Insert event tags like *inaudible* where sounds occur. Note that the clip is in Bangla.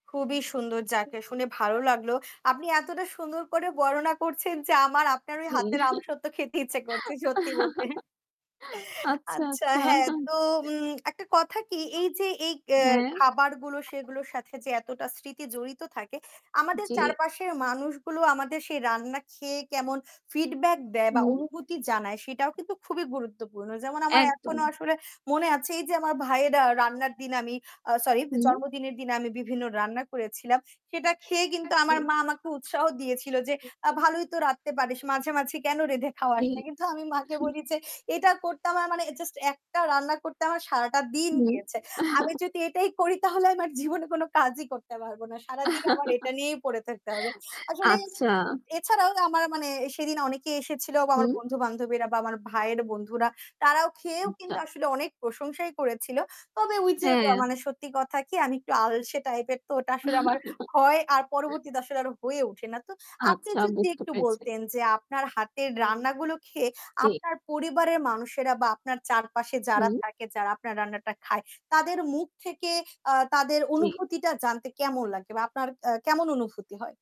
খুবই সুন্দর উ যাকে শুনে ভালো হ্যাঁ। লাগলো। অ আপনি এতটা সুন্দর করে বর্ণনা করছেন যে আমার আপনার ওই জি হাতের আমসত্ব খেতে ইচ্ছে করছে। সত্যি বলতে। *chuckles* *chuckles* আচ্ছা, আচ্ছা আচ্ছা। হ্যাঁ তো উম একটা কথা কি এইযে এই এ হ্যাঁ। খাবারগুলো সেগুলোর সাথে যে এতটা স্মৃতি জড়িত থাকে, আমাদের জি। চারপাশের মানুষগুলো আমাদের সেই রান্না খেয়ে কেমন ফিডব্যাক দেয় বা হুম। অনুভূতি জানায় সেটাও কিন্তু খুবই গুরুত্বপূর্ণ। যেমন আমার একদম। এখনো আসলে মনে আছে এইযে আমার ভাইয়ের আ রান্নার দিনে আমি আ সরি! হুম। জন্মদিনের দিনে আমি বিভিন্ন রান্না করেছিলাম। সেটা খেয়ে কিন্তু আমার মা আমাকে উৎসাহ দিয়েছিল যে আ *unintelligible* "ভালোই তো রাঁধতে পারিস। মাঝে, মাঝে কেনো রেঁধে জি, খাওয়াস না?" কিন্তু আমি মাকে হু। বলি যে, "এটা করতে আমার মানে জাস্ট একটা রান্না করতে আমার সারাটা দিন হুম। গিয়েছে। আমি *chuckles* যদি এটাই করি তাহলে আমার জীবনে কোনো কাজই করতে পারবো না। সারাদিন আমার এটা নিয়েই পড়ে থাকতে হবে।" *laughs* আসলে আচ্ছা। উ এছাড়াও আমার মানে সেদিন অনেকে এসেছিল বা আমার হুম। বন্ধু-বান্ধবীরা বা আমার ভাইয়ের বন্ধুরা, তারাও খেয়েও আচ্ছা। কিন্তু আসলে অনেক প্রশংসাই করেছিল। তবে ওইযে ব হ্যাঁ। মানে সত্যি কথা কি আমি একটু আলসে টাইপের তো ওটা আসলে আমার হয় আর *chuckles* পরবর্তীতে আসলে আরো হয়ে ওঠে না তো। আপনি আচ্ছা, যদি বুঝতে একটু পেরেছি। বলতেন যে আপনার হাতের রান্নাগুলো খেয়ে জি। আপনার পরিবারের মানুষেরা বা আপনার চারপাশে যারা হুম। থাকে যারা আপনার রান্নাটা খায় তাদের মুখ থেকে আ তাদের জি। অনুভূতিটা জানতে কেমন লাগে বা আপনার আ কেমন অনুভূতি হয়?